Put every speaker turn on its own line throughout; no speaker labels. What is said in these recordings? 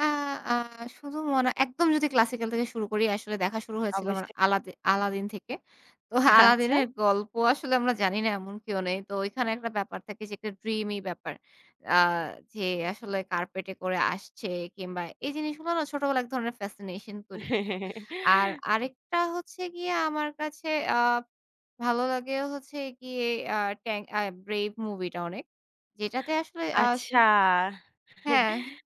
আ আ শুধু মনে একদম যদি ক্লাসিক্যাল থেকে শুরু করি আসলে দেখা শুরু হয়েছিল আমার
অবশ্যই।
আলাদি আলাদিন থেকে। তো
আচ্ছা।
আলাদিনের গল্প আসলে আমরা জানি না এমন কেউ নেই। তো ঐখানে একটা ব্যাপার থাকে যে একটা ড্রিমী ব্যাপার। আ যে আসলে কার্পেট এ করে আসছে কিংবা এই জিনিসগুলো না ছোটবেলায় এক ধরনের ফ্যাসিনেশন তৈরি করতো। আর আরেকটা হচ্ছে গিয়ে আমার কাছে আ ভালো লাগে হচ্ছে গিয়ে আ Tang আ Brave মুভি টা অনেক। যেটাতে আসলে আ স
আচ্ছা।
হ্যাঁ।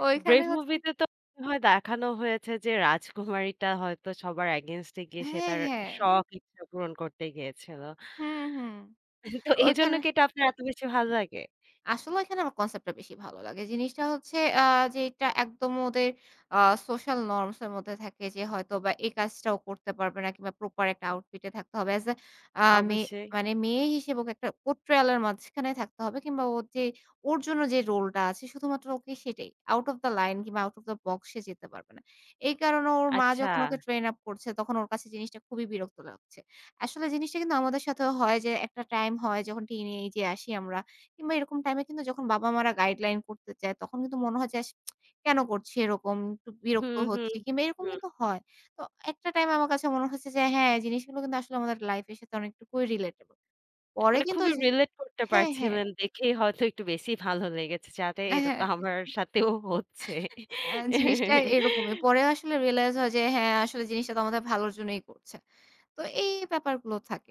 আ ঐখানে
Brave
হচ্ছে
মুভিতে তো মনে হয় দেখানো হয়েছে যে রাজকুমারীটা হয়তো সবার এগেইনস্ট এ গিয়ে সে
হ্যাঁ,
তার
হ্যাঁ।
শখ, ইচ্ছা পূরণ করতে গিয়েছিল।
হুম, হুম।
তো এজন্য
ওইখানে
কি এটা আপনার এত বেশি ভাল লাগে?
আসলে ওইখানে আমার কনসেপ্ট টা বেশি ভালো লাগে। জিনিসটা হচ্ছে আ যেটা একদম ওদের আ সোশ্যাল নর্মস এর মধ্যে থাকে। যে হয়তোবা এই কাজটা ও করতে পারবে না কিংবা প্রপার একটা আউটফিট এ থাকতে হবে। as a আ মে
অবশ্যই।
মানে মেয়ে হিসেবে একটা পোর্ট্রয়াল এর মাঝখানে থাকতে হবে কিংবা ওর যে ওর জন্য যে রোল টা আছে শুধুমাত্র ওকে সেটাই। আউট অফ দ্যা লাইন কিংবা আউট অফ দ্যা বক্স সে যেতে পারবে না। এই কারণে ওর মা
আচ্ছা।
যখন ওকে ট্রেইন আপ করছে, তখন ওর কাছে জিনিসটা খুবই বিরক্ত লাগছে। আসলে জিনিসটা কিন্তু আমাদের সাথেও হয় যে একটা টাইম হয় যখন টিনেজে আসি আমরা। কিংবা এরকম টাইমে কিন্তু যখন বাবা-মারা গাইডলাইন করতে চায়, তখন কিন্তু মনে হয় যে আস কেন করছি এরকম? একটু বিরক্ত
হুম, হুম,
হচ্ছি। কিংবা এরকম
হুম।
কিন্তু হয়। তো একটা টাইম আমার কাছে মনে হইছে যে হ্যাঁ, জিনিসগুলো কিন্তু আসলে আমাদের লাইফ এর সাথে অনেকটুকুই রিলেটেবল পরে
মানে
কিন্তু
খুবই
ওইযে
রিলেট করতে
হ্যাঁ, হ্যাঁ।
পারছিলেন। দেখেই হয়তো একটু বেশি ভালো লেগেছে যে আরে
অ্যা
এটা তো
হ্যাঁ।
আমার সাথেও হচ্ছে।
অ্যা জিনিসটা এরকমই। পরে আসলে রিয়েলাইজ হয় যে, হ্যাঁ আসলে জিনিসটা তো আমাদের ভালোর জন্যই করছে। তো এই ব্যাপারগুলো থাকে।